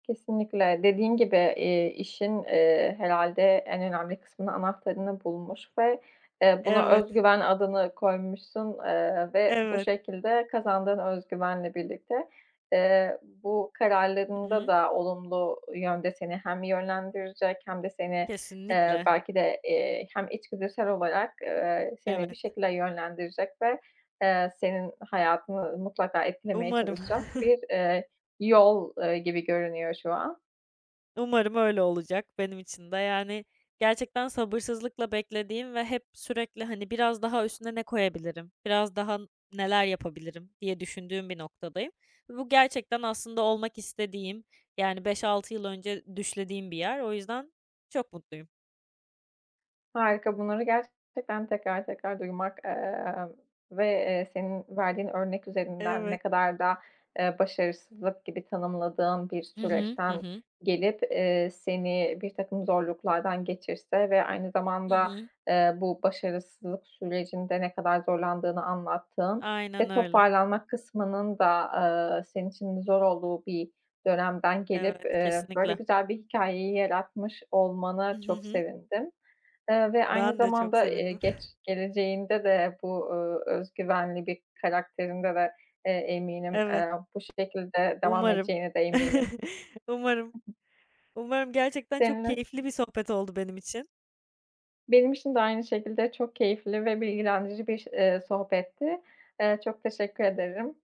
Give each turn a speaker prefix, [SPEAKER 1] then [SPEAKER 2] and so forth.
[SPEAKER 1] Kesinlikle, dediğin gibi, eee, işin, eee, herhâlde, en önemli kısmının anahtarını bulmuş ve, eee, buna
[SPEAKER 2] Evet.
[SPEAKER 1] özgüven adını koymuşsun, eee, ve bu
[SPEAKER 2] Evet.
[SPEAKER 1] şekilde kazandığın özgüvenle birlikte, eee, bu
[SPEAKER 2] Hı
[SPEAKER 1] kararlarında
[SPEAKER 2] hı.
[SPEAKER 1] da olumlu yönde seni hem yönlendirecek hem de seni, eee,
[SPEAKER 2] Kesinlikle.
[SPEAKER 1] belki de, eee, hem içgüdüsel olarak, eee, seni bir
[SPEAKER 2] Evet.
[SPEAKER 1] şekilde yönlendirecek ve, eee, senin hayatını mutlaka etkilemeye
[SPEAKER 2] Umarım.
[SPEAKER 1] çalışacak bir, eee, yol, ııı, gibi görünüyor şu an.
[SPEAKER 2] Umarım öyle olacak benim için de, yani, gerçekten sabırsızlıkla beklediğim ve hep sürekli, hani, biraz daha üstüne ne koyabilirim, biraz daha neler yapabilirim diye düşündüğüm bir noktadayım ve bu gerçekten aslında olmak istediğim, yani, 5-6 yıl önce düşlediğim bir yer. O yüzden çok mutluyum.
[SPEAKER 1] Harika, bunları gerçekten tekrar tekrar duymak, ııı, ve, eee, senin verdiğin örnek üzerinden ne
[SPEAKER 2] Evet.
[SPEAKER 1] kadar da, eee, başarısızlık gibi tanımladığın bir
[SPEAKER 2] Hı hı. Hı
[SPEAKER 1] süreçten
[SPEAKER 2] hı.
[SPEAKER 1] gelip, eee, seni birtakım zorluklardan geçirse ve aynı
[SPEAKER 2] Hı
[SPEAKER 1] zamanda,
[SPEAKER 2] hı.
[SPEAKER 1] eee, bu başarısızlık sürecinde ne kadar zorlandığını anlattığın
[SPEAKER 2] Aynen
[SPEAKER 1] ve
[SPEAKER 2] öyle.
[SPEAKER 1] toparlanmak kısmının da, ııı, senin için zor olduğu bir dönemden gelip,
[SPEAKER 2] Evet,
[SPEAKER 1] eee, böyle
[SPEAKER 2] kesinlikle.
[SPEAKER 1] güzel bir hikâyeyi yaratmış
[SPEAKER 2] Hı.
[SPEAKER 1] olmana
[SPEAKER 2] Hı
[SPEAKER 1] çok
[SPEAKER 2] hı.
[SPEAKER 1] sevindim, eee, ve aynı
[SPEAKER 2] Ben de çok
[SPEAKER 1] zamanda, eee,
[SPEAKER 2] sevindim.
[SPEAKER 1] geç geleceğinde de bu, ııı, özgüvenli bir karakterinde de, eee, eminim.
[SPEAKER 2] Evet.
[SPEAKER 1] Eee bu şekilde devam
[SPEAKER 2] Umarım.
[SPEAKER 1] edeceğine de eminim.
[SPEAKER 2] Umarım. Umarım. Gerçekten çok
[SPEAKER 1] Seninle.
[SPEAKER 2] keyifli bir sohbet oldu benim için.
[SPEAKER 1] Benim için de aynı şekilde, çok keyifli ve bilgilendirici bir, eee, sohbetti. Eee, çok teşekkür ederim.